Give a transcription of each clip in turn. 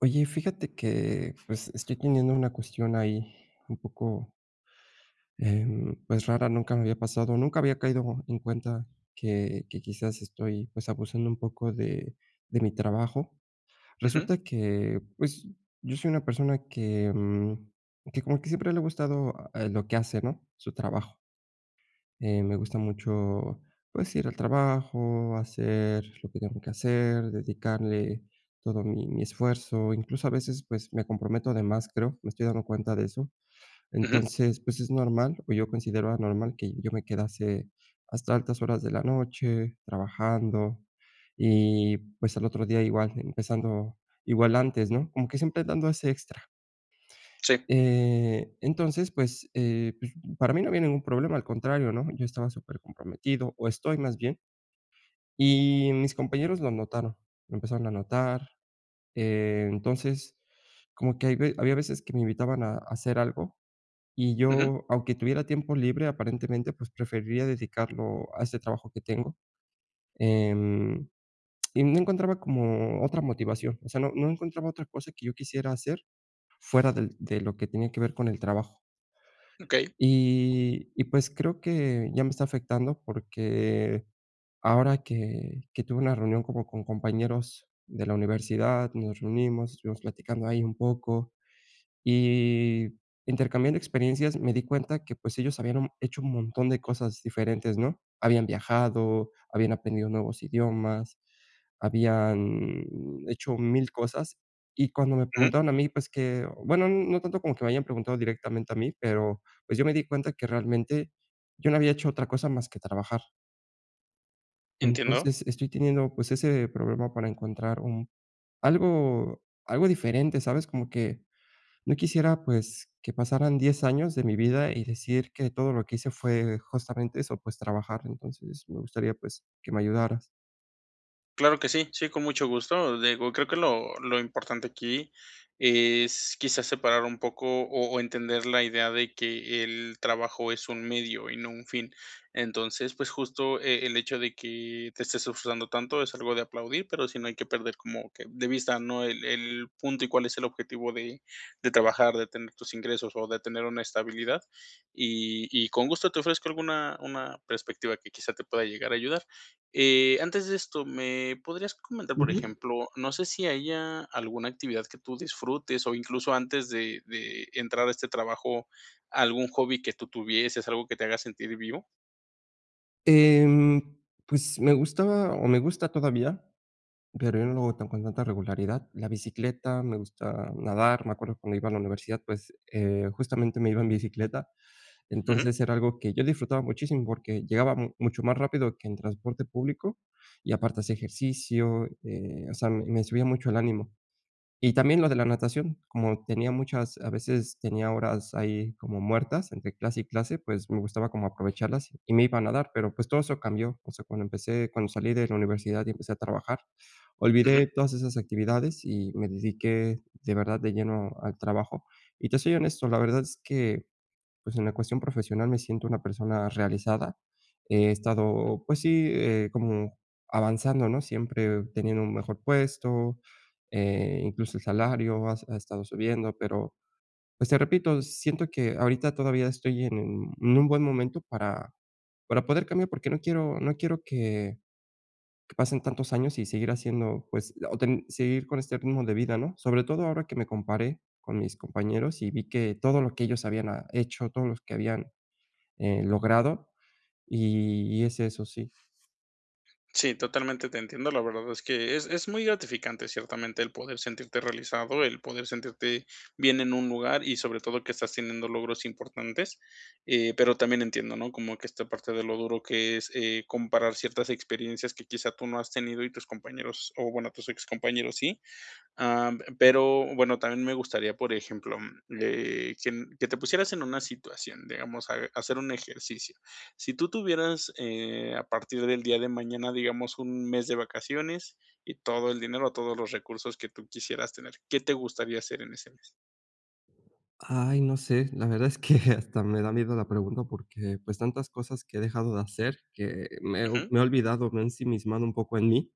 Oye, fíjate que pues, estoy teniendo una cuestión ahí un poco em, pues rara, nunca me había pasado, nunca había caído en cuenta que que quizás estoy pues, abusando un poco de de mi trabajo. Ujú. Resulta que pues, yo soy una persona que que, mm, que como que siempre le ha gustado lo que hace, ¿no?, su trabajo. Eh, me gusta mucho, pues, ir al trabajo, hacer lo que tengo que hacer, dedicarle todo mi mi esfuerzo, incluso a veces, pues, me comprometo de más, creo, me estoy dando cuenta de eso. Ujú. Entonces, pues, es normal o yo considero normal que yo me quedase hasta altas horas de la noche trabajando y pues, al otro día igual empezando igual antes, ¿no?, como que siempre dando ese extra. Sí. Eh, entonces pues, eh, pues, para mí no había ningún problema, al contrario, ¿no?, yo estaba supercomprometido o estoy más bien. Y mis compañeros lo notaron, lo empezaron a notar, eh, entonces como que hay ve había veces que me invitaban a hacer algo y Ujú. yo, aunque tuviera tiempo libre, aparentemente, pues, preferiría dedicarlo a ese trabajo que tengo. Em, y no encontraba como otra motivación. O sea, no no encontraba otra cosa que yo quisiera hacer fuera del de lo que tenía que ver con el trabajo. Okey. Y y pues, creo que ya me está afectando porque ahora que que tuve una reunión como con compañeros de la universidad, nos reunimos, estuvimos platicando ahí un poco y intercambiando experiencias, me di cuenta que pues, ellos habían, mm, hecho un montón de cosas diferentes, ¿no?, habían viajado, habían aprendido nuevos idiomas, habían hecho 1000, cosas. Y cuando me Ujú. preguntaron a mí, pues que, bueno, no tanto como que me hayan preguntado directamente a mí, pero pues, yo me di cuenta que realmente yo no había hecho otra cosa más que trabajar. Entiendo. Entonces estoy teniendo, pues, ese problema para encontrar un algo algo diferente, ¿sabes? Como que no quisiera, pues, que pasaran 10 años de mi vida, y decir que todo lo que hice fue justamente eso, pues, trabajar. Entonces me gustaría pues, que me ayudaras. Claro que sí sí, con mucho gusto. Digo creo que lo lo importante aquí es, quizás, separar un poco, o o entender la idea de que el trabajo es un medio y no un fin. Entonces, pues, justo, eh, el hecho de que te estés disfrutando tanto es algo de aplaudir, pero si no hay que perder como que de vista, ¿no?, el el punto, y cuál es el objetivo de de trabajar de tener tus ingresos, o de tener una estabilidad. Y, y con gusto te ofrezco alguna una perspectiva que, quizá, te pueda llegar a ayudar, eh antes de esto, ¿me podrías comentar, por Ujú. ejemplo, no sé si haya alguna actividad que tú disfrutes o incluso antes de de entrar a este trabajo? ¿Algún hobby que tú tuvieses algo que te haga sentir vivo? Em, pues, me gustaba, o me gusta todavía, pero yo no lo hago con tanta regularidad, la bicicleta, me gusta nadar. Me acuerdo cuando iba a la universidad, pues, eh, justamente me iba en bicicleta. Ujú. Entonces era algo que yo disfrutaba muchísimo, porque llegabamos mucho más rápido que en transporte público y aparte hacia ejercicio, eh, o sea, me subía mucho el ánimo. Y también lo de la natación, como tenía muchas, a veces, tenía horas ahí como muertas entre clase y clase, pues, me gustaba como aprovecharlas y me iba a nadar, pero, pues, todo eso cambió. O sea, cuando empecé cuando salí de la universidad, y empecé a trabajar, olvidé Ujú. todas esas actividades, y me dediqué de verdad de lleno al trabajo. Y te soy honesto, la verdad es que, pues, en la cuestión profesional me siento una persona realizada. He Ujú. estado, pues sí, eh como avanzando, ¿no?, siempre teniendo un mejor puesto, eh, incluso, el salario ha ha estado subiendo, pero, pues, te repito siento que ahorita todavía estoy en un buen momento para para poder cambiar, porque no quiero no quiero que que pasen tantos años y seguir haciendo, pues, o ten o seguir con este ritmo de vida, ¿no? Sobre todo ahora que me comparé con mis compañeros, y vi que todo lo que ellos habían, ah, hecho, todos los que habían, eh, logrado y y es eso, sí. Sí, totalmente te entiendo. La verdad es que es es muy gratificante ciertamente el poder sentirte realizado, el poder sentirte bien en un lugar y sobre todo que estás teniendo logros importantes. Eh, pero también entiendo, ¿no?, como que esta parte de lo duro que es, eh, comparar ciertas experiencias que quizás tú no has tenido y tus compañeros o bueno, tus excompañeros sí. Em, pero bueno, también me gustaría, por ejemplo, eh que que te pusieras en una situación, digamos a hacer un ejercicio. Si tú tuvieras, eh, a partir del día de mañana, digamos un mes de vacaciones y todo el dinero, todos los recursos que tú quisieras tener. ¿Qué te gustaría hacer en ese mes? Ay, no sé, la verdad es que hasta me da miedo la pregunta porque pues tantas cosas que he dejado de hacer que me Ujú. me he olvidado, me ensimismado un poco en mí,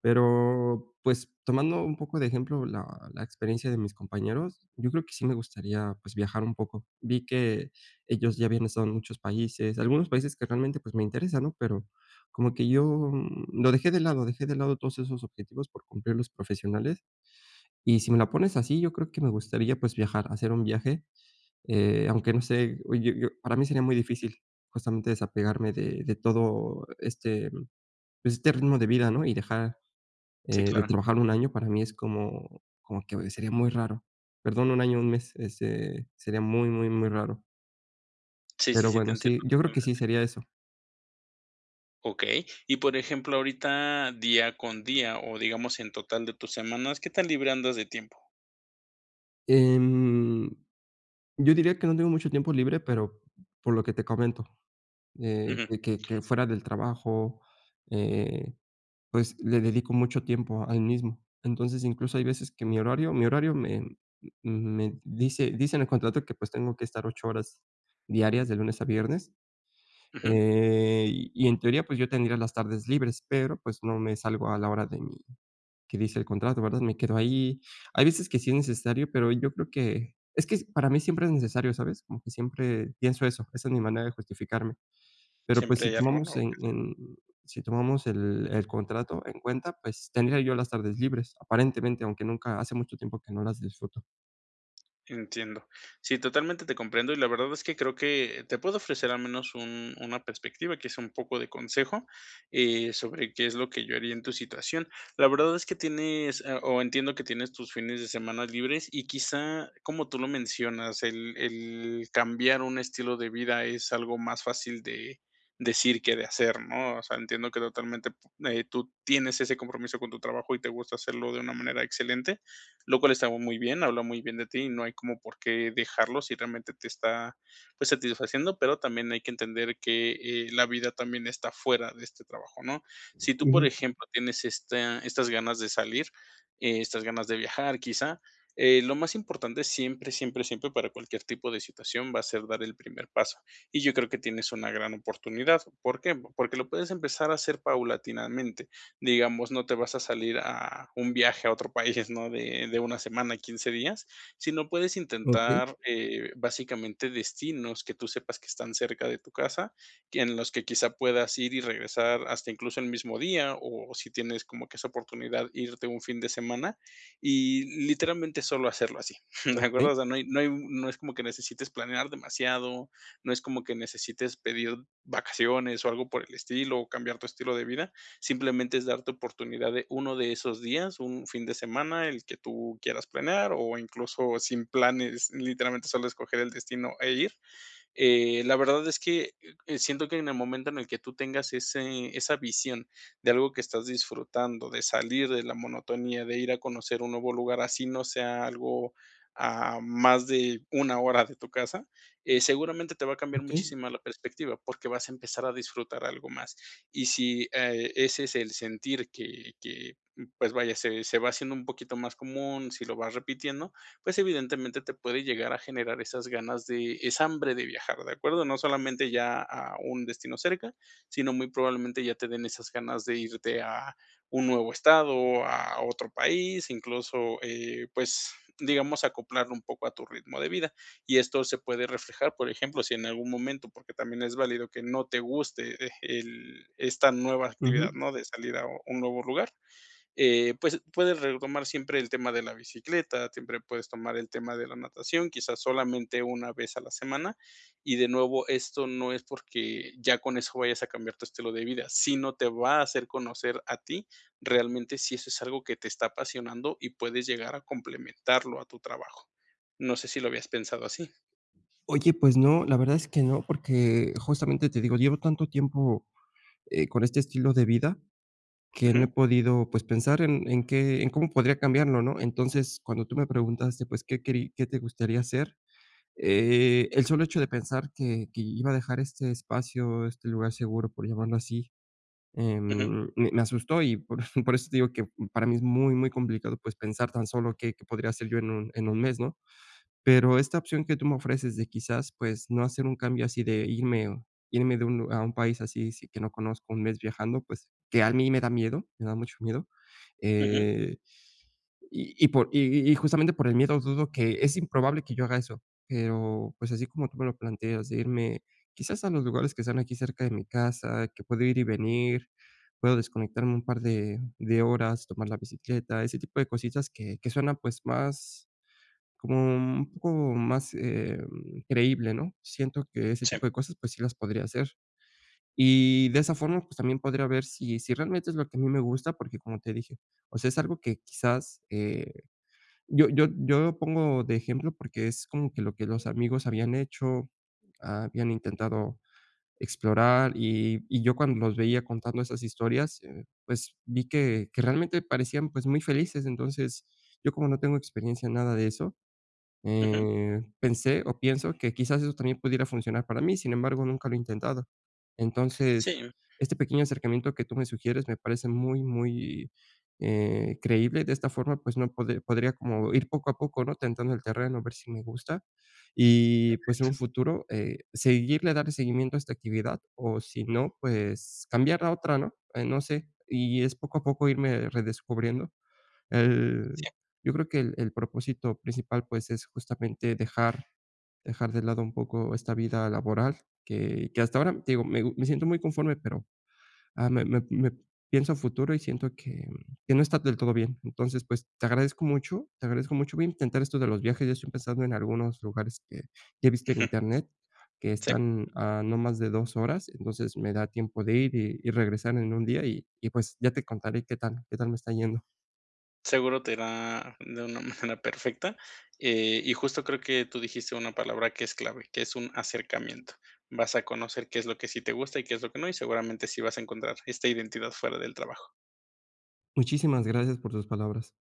pero pues tomando un poco de ejemplo la la experiencia de mis compañeros. Yo creo que sí me gustaría, pues viajar un poco. Vi que ellos ya habían estado en muchos países algunos países que realmente pues me interesan, ¿no?, pero como que yo lo dejé de lado. Dejé de lado todos esos objetivos por cumplir los profesionales. Y sí me la pones así, yo creo que me gustaría pues viajar, hacer un viaje, eh, aunque no sé o, eh, yo yo para mí sería muy difícil justamente desapegarme de de todo este este ritmo de vida, ¿no?, y dejar, Sí, eh, de claro. trabajar un año para mí es como como que sería muy raro. Perdón, un año, un mes, este sería muy, muy, muy raro. Sí, sí, Pero sí, te bueno, entiendo sí, yo creo que sí totalmente. sería eso. Okey, y por ejemplo, ahorita día con día, o digamos en total de tus semanas, ¿qué tan libre andas de tiempo? Em, yo diría que no tengo mucho tiempo libre, pero, por lo que te comento, eh, Ujú. que que que fuera del trabajo, eh, pues, le dedico mucho tiempo al mismo. Entonces, incluso hay veces que mi horario mi horario me, mm, me dice dice en el contrato que, pues, tengo que estar 8 horas diarias, de lunes a viernes, Ujú. eh, y en teoría, pues, yo tendría las tardes libres, pero, pues, no me salgo a la hora de mi que dice el contrato, ¿verdad?, me quedo ahí. Hay veces que sí es necesario, pero, yo creo que, es que, para mí siempre es necesario, ¿sabes?, como que siempre pienso eso. Esa es mi manera de justificarme, pero pues, Siempre si hay algo tomamos nuevo en que hacer. en, si tomamos el el contrato en cuenta, pues, tendría yo las tardes libres, aparentemente, aunque nunca, hace mucho tiempo que no las disfruto. Entiendo. Sí, totalmente te comprendo. Y la verdad es que creo que, te puedo ofrecer al menos un una perspectiva que es un poco de consejo, eh, sobre qué es lo que yo haría en tu situación. La verdad es que tienes, ah, o entiendo que tienes tus fines de semana libres, y quizá, como tú lo mencionas, el el cambiar un estilo de vida es algo más fácil de decir, qué de hacer, ¿no? O sea, entiendo que totalmente, pu eh, tú tienes ese compromiso con tu trabajo y te gusta hacerlo de una manera excelente, lo cual estamos muy bien, habla muy bien de ti y no hay como por qué dejarlo, si realmente te está, pues, satisfaciendo. Pero también hay que entender que, eh, la vida también está fuera de este trabajo, ¿no? Si tú, por Ujú. ejemplo, tienes esta estas ganas de salir, eh, estas ganas de viajar, quizá, eh, lo más importante siempre, siempre, siempre, para cualquier tipo de situación va a ser dar el primer paso, y yo creo que tienes una gran oportunidad, ¿por qué?, porque lo puedes empezar a hacer paulatinamente, digamos, no te vas a salir a a un viaje a otro país, ¿no?, de de una semana a 15 días, si no puedes Okey. intentar, eh, básicamente destinos que tú sepas que están cerca de tu casa, que en los que, quizás, puedas ir y regresar hasta incluso el mismo día, o si tienes como que esa oportunidad irte un fin de semana, y literalmente, solo hacerlo así, ¿de acuerdo? Okey. O sea, no hay no hay no es como que necesites planear demasiado. No es como que necesites pedir vacaciones, o algo por el estilo, cambiar tu estilo de vida. Simplemente, es darte oportunidad de uno de esos días, un fin de semana, el que tú quieras planear o incluso sin planes, literalmente, solo escoger el destino e ir, eh, la verdad es que, eh, siento que en el momento en el que tú tengas ese esa visión, de algo que estás disfrutando de salir de la monotonía, de ir a conocer un nuevo lugar así no sea algo, ah, más de 1, hora de tu casa, eh, seguramente te va a cambiar Okey. muchísima la perspectiva, porque vas a empezar a disfrutar algo más. Y si, eh, ese es el sentir que que, pues, vaya, se se va haciendo un poquito más común. Si lo va repitiendo, pues, evidentemente, te puede llegar a generar esas ganas de esa hambre de viajar. De acuerdo, no solamente ya a un destino cerca, sino muy probablemente, ya te den esas ganas de irte a un nuevo estado, o a otro país, incluso, eh, pues, digamos acoplarlo un poco a tu ritmo de vida, y esto se puede reflejar, por ejemplo, si en algún momento, porque también es válido que no te guste, eh, el esta nueva actividad, Ujú. no de salir a un nuevo lugar, eh, pues, puedes retomar siempre el tema de la bicicleta. Siempre puedes tomar el tema de la natación, quizás, solamente una vez a la semana, y de nuevo, esto no es porque ya con eso vayas a cambiar tu estilo de vida, sino, te va a hacer conocer a ti, realmente si eso es algo que te está apasionando y puedes llegar a complementarlo a tu trabajo. No sé, ¿si lo habías pensado así? Oye, pues no, la verdad es que no, porque justamente te digo, llevo tanto tiempo, eh, con este estilo de vida que no he Ujú. podido, pues, pensar en en qué en cómo podría cambiarlo, ¿no? Entonces, cuando tú me preguntaste, pues, qué querí qué te gustaría hacer, eh, el solo hecho de pensar que que iba a dejar este espacio, este lugar seguro, por llamarlo así, Ujú. em, me me asustó, y por por eso te digo que para mí es muy, muy complicado, pues, pensar tan solo qué, qué podría hacer yo en un en 1 mes, ¿no? Pero esta opción que tú me ofreces de, quizás, pues, no hacer un cambio así de irme, o irme de un lug a un país así sí que no conozco, 1 mes viajando, pues, que a mí me da miedo, me da mucho miedo. Ujú. Eh, y y por y y y justamente por el miedo, dudo que es improbable que yo haga eso, eh, o pues, así como tú me lo planteas de irme, quizás, a los lugares que están aquí cerca de mi casa, que puedo ir y venir. Puedo desconectarme un par de de horas, tomar la bicicleta, ese tipo de cositas que que suenan, pues, más como u un poco más, eh, mm, creíble, ¿no?, siento que ese tipo Sí. de cosas pues sí las podría hacer. Y de esa forma, pues, también podría ver si si realmente es lo que a mí me gusta, porque, como te dije, o sea, es algo que quizás, eh, yo yo yo lo pongo de ejemplo porque es como que lo que los amigos habían hecho, habían intentado explorar, y y yo cuando los veía contando esas historias, eh, pues, vi que que realmente parecían, pues, muy felices. Entonces yo, como no tengo experiencia en nada de eso, Ujú. eh, pensé o pienso que, quizás, eso también pudiera funcionar para mí. Sin embargo, nunca lo he intentado. Entonces, Sí. este pequeño acercamiento que tú me sugieres me parece muy, muy, eh, creíble de esta forma, pues no pode podría como ir poco a poco, ¿no?, tentando el terreno a ver si me gusta y, pues, en un Exacto. futuro, eh, seguirle darle seguimiento a esta actividad o, si no, pues cambiarla a otra, ¿no?, eh, no sé. Y es poco a poco irme redescubriendo, el Sí. yo creo que el el propósito principal, pues, es justamente dejar dejar de lado un poco esta vida laboral que que hasta ahora, te digo, me gu me siento muy conforme, pero, ah, me me me pienso a futuro, y siento que, mm, que no está del todo bien. Entonces, pues, te agradezco mucho. Te agradezco mucho, voy a intentar esto de los viajes, ya estoy pensando en algunos lugares que que he visto en Ujú. internet que Sí. están a no más de 2 horas. Entonces, me da tiempo de ir, y y regresar en 1 día y y, pues, ya te contaré qué tal, qué tal me está yendo. Seguro te irá de una manera perfecta. Eh y justo creo que tú dijiste una palabra que es clave, que es un acercamiento. Vas a conocer qué es lo que sí te gusta y qué es lo que no y seguramente así vas a encontrar esta identidad fuera del trabajo. Muchísimas gracias por tus palabras.